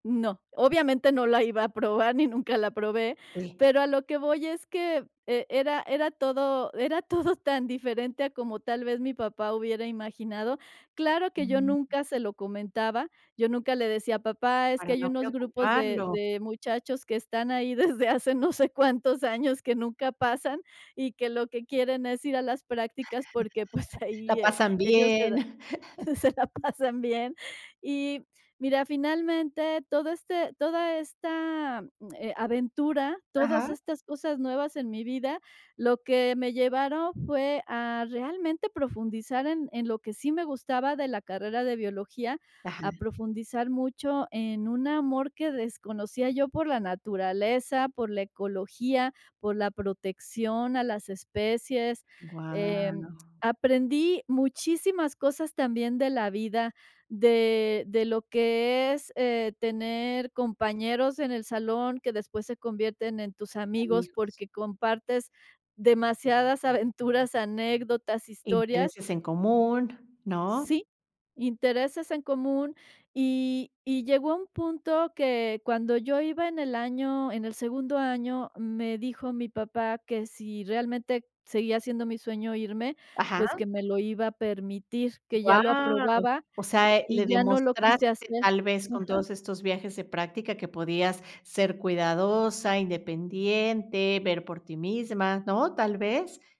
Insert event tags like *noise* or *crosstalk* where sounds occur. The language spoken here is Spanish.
No. Obviamente, no la iba a probar, ni nunca la probé, Eh. pero a lo que voy es que, e era era todo era todo tan diferente a como tal vez mi papá hubiera imaginado. Claro que yo nunca se lo comentaba, yo nunca le decía: "Papá, es que Para hay no unos grupos de preocuparlo. de muchachos que están ahí desde hace no sé cuántos años que nunca pasan, y que lo que quieren es ir a las prácticas porque, pues *chuckles* *laughs* La ahí, eh, pasan ellos se da bien. *chuckles* se la pasan bien. "Y, mira, finalmente, todo este toda esta, eh, aventura, todas Ajá. estas cosas nuevas en mi vida, lo que me llevaron fue a realmente profundizar en en lo que sí me gustaba de la carrera de biología, Ajá. a profundizar mucho en un amor que desconocía yo por la naturaleza, por la ecología, por la protección a las especies, Guau. em, aprendí muchísimas cosas también de la vida, de de lo que es, eh, tener compañeros en el salón, que después se convierten en tus amigos, Amigos. porque compartes demasiadas aventuras, anécdotas, historias. Intereses en común, ¿no? Sí, intereses en común, y y llegó a un punto que cuando yo iba en el año, en el segundo año, me dijo mi papá que si realmente seguía siendo mi sueño irme, Ajá. pues que me lo iba a permitir, que ya lo Guau, aprobaba, o sea, eh, le y ya no lo quise demostraste, hacer, tal vez, con ajá. todos estos viajes de práctica, que podías ser cuidadosa, independiente, ver por ti misma, ¿no? ¿Tal vez?